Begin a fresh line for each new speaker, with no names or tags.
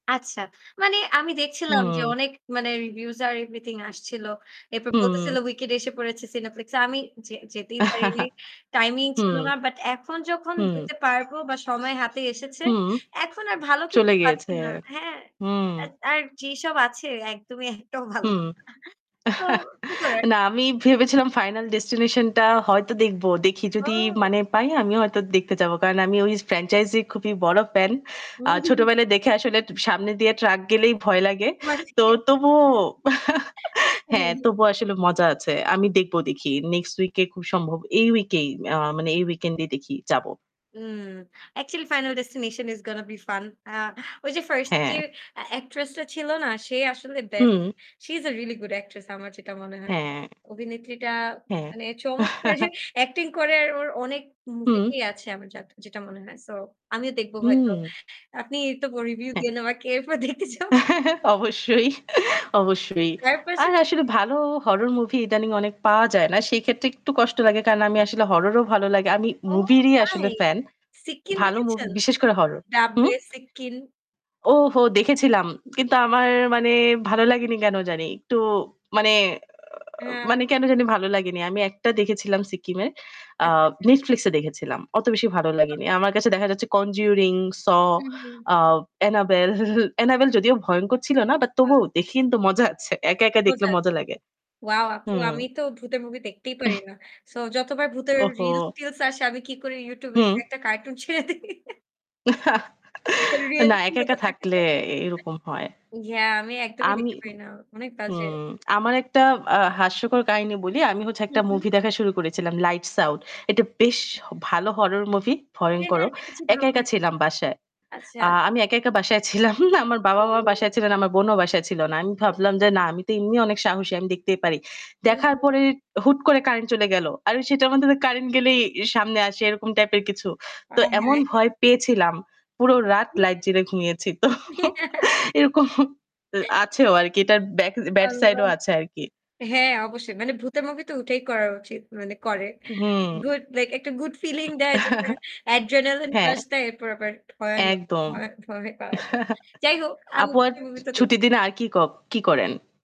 আচ্ছা। মানে আমি দেখছিলাম যে
উম
অনেক মানে reviews আর everything আসছিল। এরপর
হুম।
বলতেছিল "Wicked" এসে পড়েছে Cineplex এ। আমি যে যেতেই পারি নাই, timing ছিল
হুম,
না। বাট এখন যখন
হুম।
যেতে পারবো বা সময় হাতে এসেছে,
হুম।
এখন আর ভালো
চলে
কিছু পাচ্ছি
গিয়েছে।
না। হ্যাঁ?
হুম।
অ্যাত আর যেসব আছে একদ মই একটাও ভালো
হুম।
না। তো কি করার।
না আমি ভেবেছিলাম 'Final Destination' টা হয়তো দেখবো। দেখি যদি
ও!
মানে পাই আমিও হয়তো দেখতে যাবো। কারণ আমি ওই franchise এ খুবই বড় fan।
হু,
আ
হু, হু।
ছোটবেলায় দেখে আসলে তু সামনে দিয়ে truck গেলেই ভয় লাগে। তো
[unintelligible]
তবুও
হ্যাঁ,
হ্যাঁ,
হ্যাঁ।
তবুও আসলে মজা আছে। আমি দেখবো দেখি next week এ খুব সম্ভব, এই week এই, আ মানে এই weekend এ দেখি যাবো।
উম actually 'Final Destination' is gonna be fun! আ ওই যে first যে
হ্যাঁ।
অ্যা actress টা ছিল না? সে আসলে best।
Hmm.
she is a really good actress আমার যেটা মনে হয়।
হ্যাঁ।
অভিনেত্রীটা
হ্যাঁ।
মানে চমৎকার যে acting করে। আর ওর অনেক movie
হুম।
তেই আছে আমার যা যেটা মনে হয়। So আমিও দেখব হয়তো।
হুম।
আপনি তবুও review
হ্যাঁ।
দিয়েন আমাকে, [unintelligible] এরপর দেখতে যাব।
অবশ্যই, অবশ্যই।
তার
আর আসলে
পাশাপাশি।
ভালো horror movie ইদানিং অনেক পাওয়া যায় না। সেই ক্ষেত্রে একটু কষ্ট লাগে। কারণ আমি আসলে horror ও ভালো লাগে। আমি
ওহ!
movie রই
নাই।
আসলে fan.
'Siccin'
ভালো movie
দেখেছেন?
বিশেষ করে horror হুম?
'Dabbe' 'Siccin'?
ওহো! দেখেছিলাম। কিন্তু আমার মানে ভালো লাগেনি কেন জানি। একটু মানে, অ
হ্যাঁ।
মানে কেন জানি ভালো লাগেনি। আমি একটা দেখেছিলাম 'Siccin' এর আ
আচ্ছা, আচ্ছা।
Netflix এ দেখেছিলাম। অত বেশি ভালো লাগেনি। আমার কাছে দেখা যাচ্ছে 'Conjuring', 'Saw',
হু, হু।
আ 'Annabelle', 'Annabelle' যদিও ভয়ঙ্কর ছিল না but
আ
তবুও দেখে কিন্তু মজা আছে। একা, একা দেখলে
বোঝা
মজা
যায়।
লাগে।
wow আপু!
হুম।
আমি তো ভূতের movie দেখতেই পারি
উহ।
না। So যতবার ভূতের
ওহো!
রিলস-টিলস আসে আমি কি করি YouTube এ যে
হুম।
একটা cartoon ছেড়ে দেই। এর
না
reality
একা, একা
হতে থাকতে
থাকলে
চাই না।
এরকম হয়।
Yeah আমি একদমই
আমি
দেখতে পারি না। অনেক বাজে।
হুম, আমার একটা, আ হাস্যকর কাহিনী বলি। আমি হচ্ছে একটা
হুম, হুম।
movie দেখা শুরু করেছিলাম 'Light Sound' এটা বেশ হ ভালো horror movie,
হ্যাঁ,
ভয়ঙ্করও।
হ্যাঁ, দেখেছি, ভালো
একা, একা
লাগেনি।
ছিলাম বাসায়।
আচ্ছা।
আ আমি একা, একা বাসায় ছিলাম। আমার বাবা-মা বাসায় ছিলেন, আমার বোনও বাসায় ছিল না। আমি ভাবলাম যে না আমি তো এমনি অনেক সাহসী, আমি দেখতেই পারি। দেখার
উহু।
পরে হুট করে কারেন্ট চলে গেল। আর আমি সেটার মাধমে কারেন্ট গেলেই ই সামনে আসে এরকম type এর কিছু। তো এমন
আয়হায়।
ভয় পেয়েছিলাম পুরো রাত
হু।
light জ্বেলে ঘুমিয়েছি তো। এরকম আছেও আর কি। এটার back, bad side
আল্লাহ।
ও আছে আর কি।
হ্যাঁ, অবশ্যই। মানে ভূতের movie তো ওটাই করা উচিত। মানে করে।
হুম।
Good like একটা good feeling দেয় যেটা adrenaline
হ্যাঁ।
rush দেয়, এরপর আবার ভয়ানক,
একদম।
ভয়ে ভয়ে পাওয়ায় দেয়। যাই হোক, আমি
আপু আর
ভূতের
ছু
movie তো দে
ছুটি দিনে আর কি ক কি করেন?